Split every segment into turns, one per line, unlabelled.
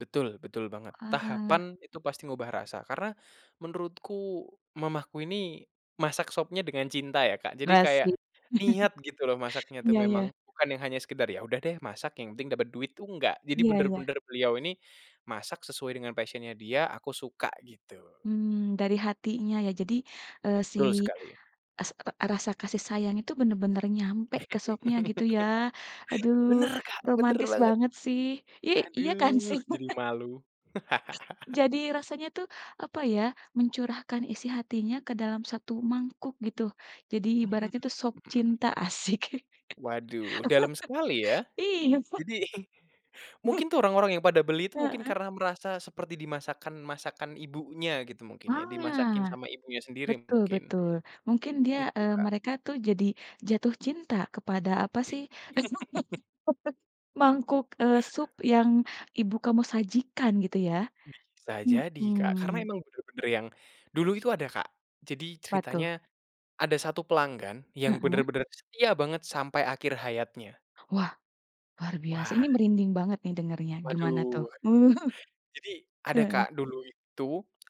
Betul, betul banget.
Wah.
Tahapan itu pasti ngubah rasa. Karena, menurutku mamaku ini masak sopnya dengan cinta ya Kak, jadi kayak
Asyik.
niat gitu loh masaknya tuh
Iya
memang.
iya.
Bukan yang hanya sekedar, "Ya udah deh masak, yang penting dapet duit." Tuh enggak. Jadi
Iya iya.
benar-benar beliau ini masak sesuai dengan passion-nya dia, "Aku suka." Gitu.
Mmm, dari hatinya ya jadi, eee, si
Betul sekali.
es e rasa kasih sayang itu benar-benar nyampe ke sopnya gitu ya. Aduh,
Benar Kak, benar
romantis
banget.
banget sih. I iya kan
Aduh,
sih [unintelligible]
jadi malu.
Jadi rasanya tuh, apa ya, mencurahkan isi hatinya ke dalam satu mangkuk gitu. Jadi
Hmm.
ibaratnya itu sop cinta, asyik.
Waduh, dalem sekali ya.
Iya.
Jadi, mungkin
Bukan
tuh orang-orang yang pada beli itu mungkin
heeh.
karena merasa seperti di masakan-masakan ibunya gitu mungkin ya, dimasakin
Ah.
sama ibunya sendiri,
Betul
mungkin.
betul. Mungkin dia
Itu,
eee,
Kak.
mereka tuh jadi jatuh cinta kepada apa sih, mangkuk, eee, sup yang ibu kamu sajikan gitu ya.
Bisa jadi, Kak. Karena
Mhm.
emang benar-benar yang dulu itu ada Kak. Jadi
Apa
ceritanya,
tuh?
ada 1 pelanggan yang
Heeh.
benar-benar setia banget sampai akhir hayatnya.
Wah, luar biasa, ini
Wah.
merinding banget nih dengarnya, gimana tuh?
Waduh. Jadi, ada
Heeh.
Kak, dulu itu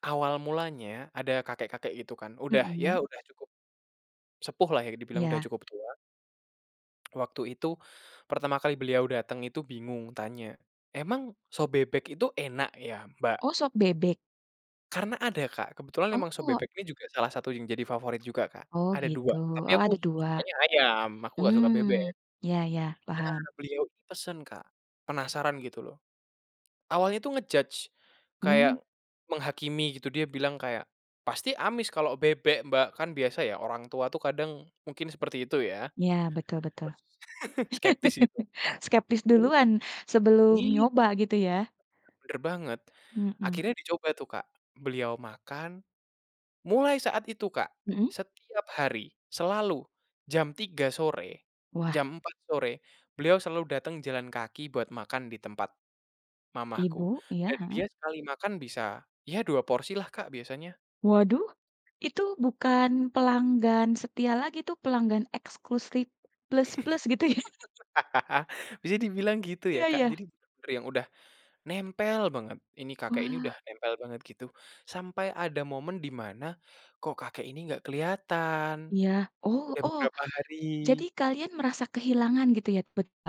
awal mulanya, ada kakek-kakek itu kan, udah, ya
Mhm.
udah cukup sepuh lah ya dibilang, udah
Iya.
cukup tua. Waktu itu, pertama kali beliau dateng itu bingung, tanya, "Emang sop bebek itu enak ya, Mbak?"
Oh, sop bebek?
Karena ada Kak, kebetulan memang sop
Oh.
bebek ini juga salah satu yang jadi favorit juga Kak,
Oh
ada 2,
gitu.
tapi
Oh
aku
ada 2.
sukanya ayam, aku nggak suka bebek.
Mmm. Iya iya,
Nah,
paham.
beliau ini pesen, Kak. Penasaran gitu loh. Awalnya tuh nge-judge,
Mmm.
kayak menghakimi gitu dia bilang kayak, "Pasti amis kalau bebek, Mbak." Kan biasa ya orang tua tuh kadang, mungkin seperti itu ya.
Iya betul betul.
Terus skeptis gitu.
Skeptis
[unintelligible]
duluan, sebelum
Iya.
nyoba, gitu ya.
[unintelligible] Benar banget.
Mhm.
Akhirnya dicoba tuh Kak, beliau makan. Mulai saat itu Kak,
Mhm.
setiap hari, selalu, jam 3:00 sore,
Wah.
jam 4:00 sore, beliau selalu datang jalan kaki buat makan di tempat,
Ibu,
mamahku.
iya,
Dan dia
heeh.
sekali makan bisa, ya 2 porsi lah Kak biasanya.
Waduh, itu bukan pelanggan setia lagi, itu pelanggan eksklusif plus-plus gitu ya.
Bisa dibilang gitu ya
Iya
Kak,
iya.
jadi benar-benar yang udah, nempel banget, ini kakek ini udah
Wah.
nempel banget gitu. Sampai ada momen di mana, kok kakek ini nggak keliatan.
Iya. Oh
Udah
oh.
beberapa
Jadi
hari.
kalian merasa kehilangan gitu ya, bet a